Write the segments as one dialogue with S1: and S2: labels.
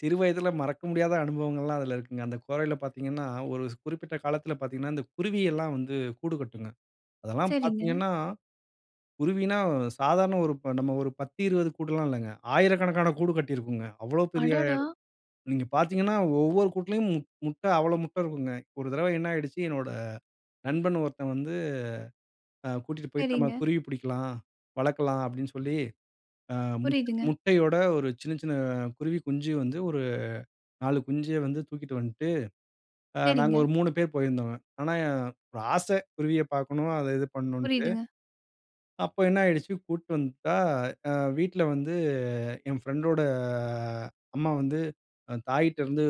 S1: சிறு வயதுல மறக்க முடியாத அனுபவங்கள்லாம் அதில இருக்குங்க. அந்த கொறையில பார்த்தீங்கன்னா ஒரு குறிப்பிட்ட காலத்தில பார்த்தீங்கன்னா இந்த குருவி எல்லாம் வந்து கூடு கட்டுங்க. அதெல்லாம்
S2: சரிங்க.
S1: பார்த்தீங்கன்னா குருவின்னா சாதாரண ஒரு நம்ம ஒரு 10-20 கூடுல்லாம் இல்லங்க. 1000கணக்கான கூடு கட்டியிருக்குங்க. அவ்வளவு பெரிய எடம்.
S2: அடடா!
S1: நீங்க பார்த்தீங்கன்னா ஒவ்வொரு கூட்டிலும் முட் முட்ட அவ்வளவு முட்டை இருக்குங்க. ஒரு தடவ என்ன ஆயிடுச்சு என்னோட நண்பன் ஒருத்தன் வந்து அ கூட்டிட்டு போய்ட்டு, "நாம
S2: சரிங்க.
S1: குருவி பிடிக்கலாம். வளர்க்கலாம்"அப்படின்னு சொல்லி ஆ முட்
S2: புரியுதுங்க.
S1: முட்டையோட ஒரு சின்ன சின்ன குருவி குஞ்சு வந்து ஒரு 4 குஞ்ச வந்து தூக்கிட்டு வந்துட்டு, அ நாங்க
S2: சரிங்க.
S1: ஒரு 3 பேர் போயிருந்தோங்க. ஆனா ஒரு ஆசை குருவிய பார்க்கணும் அத இது பண்ணணும்ன்டு.
S2: புரியுதுங்க.
S1: அப்போ என்ன ஆயிடுச்சு கூட்டிட்டு வந்துட்டா அ வீட்ல வந்து என் பிரெண்டோட அம்மா வந்து "தாயிட்ட இருந்து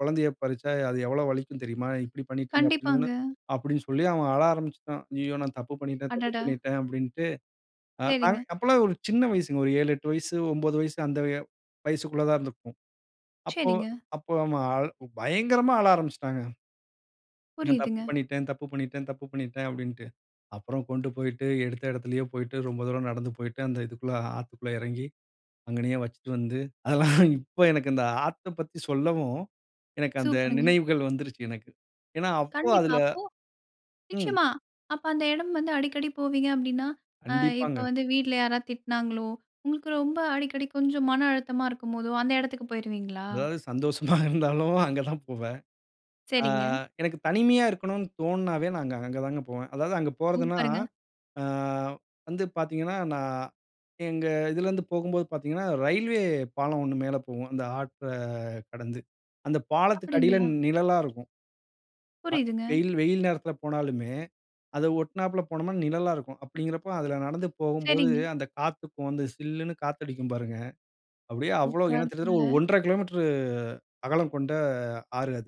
S1: குழந்தையைப் பறிச்சா அது எவ்வளவு வலிக்கும் தெரியுமா?" இப்படி பண்ணிட்டீங்க அப்பிடின்னு
S2: கண்டிப்பாங்க.
S1: சொன்னவுன்ன அப்படின்னு சொல்லி, அவன் அழ ஆரம்பிச்சுட்டான். "ஐய்யயோ! நான் தப்பு பண்ணிட்டேன், தப்பு
S2: அடடா!
S1: பண்ணிட்டேன்"அப்படின்டு.
S2: சரிங்க.
S1: அப்போல்லாம் ஒரு சின்ன வயசுங்க ஒரு 7, 8 வயசு 9 வயசு அந்த வயசுக்குள்ள தான் இருந்திருப்போம். அப்போ
S2: சரிங்க.
S1: அப்போ அவன் பயங்கரமா ஆழ ஆரம்பிச்சுட்டாங்க. "நான் தப்பு
S2: புரியுதுங்க.
S1: பண்ணிட்டேன், தப்பு பண்ணிட்டேன், தப்பு பண்ணிட்டேன்" அப்படின்டு. அப்புறம் கொண்டு போய்ட்டு எடுத்த இடத்திலயே போய்ட்டு ரொம்ப தூரம் நடந்து போய்ட்டு அந்த இதுக்குள்ள ஆத்துக்குள்ள எறங்கி, அங்கநயே வச்சுட்டு வந்து அதெல்லாம் இப்போ எனக்கு இந்த ஆத்தப் பத்தி சொல்லவும். எனக்கு அந்த
S2: சூப்பர்ங்க.
S1: நினைவுகள் வந்துடுச்சு எனக்கு. ஏன்னா, அப்போ
S2: கண்டிப்பா.
S1: அதில
S2: அப்போ
S1: ம்.
S2: நிச்சயமா. அப்ப அந்த இடம் வந்து அடிக்கடி போவீங்க அப்டின்னா, அ இப்போ
S1: கண்டிப்பாங்க.
S2: வந்து வீட்ல யாராவது திட்டினாங்களோ உங்களுக்கு ரொம்ப அடிக்கடி கொஞ்சம் மன அழுத்தமா இருக்கும்போதோ அந்த இடத்துக்கு போயிருவீங்களா?
S1: எதாவது சந்தோஷமா இருந்தாலும் அங்கே தான் போவேன். ஆ
S2: சரிங்க.
S1: எனக்கு தனிமையா இருக்கணும்ன்னு தோணுனாவே நான் அங்க அங்க தான் போவேன். அதாவது அங்கு போறதுன்னா,
S2: சூப்பருங்க.
S1: ஆ வந்து பார்த்தீங்கன்னா, நான் எங்க இதிலிருந்து போகும்போது பார்த்தீங்கன்னா ரெயில்வே பாலம் ஒன்னு மேலே போகும். அந்த ஆத்த கடந்து அந்த பாலத்துக்கு அடியில
S2: அப்படிங்களா?
S1: நிழலா இருக்கும். அ
S2: புரியுதுங்க.
S1: வெயில் வெயில் நேரத்தில போனாலுமே அதை ஒட்டினாப்புல போனா நிழலா இருக்கும். அப்படிங்கிறப்போ அதில நடந்து போகும்போது
S2: சரிங்க.
S1: அந்த காத்துக்கு வந்து "சில்லுன்னு" காத்து அடிக்கும் பாருங்க. அப்படியே அவ்வளவு
S2: சூப்பரா
S1: கிட்டத்தட்ட
S2: இருக்கும்ல.
S1: ஒரு 1.5 கிலோமீட்டர் அகலம் கொண்ட ஆறு அது.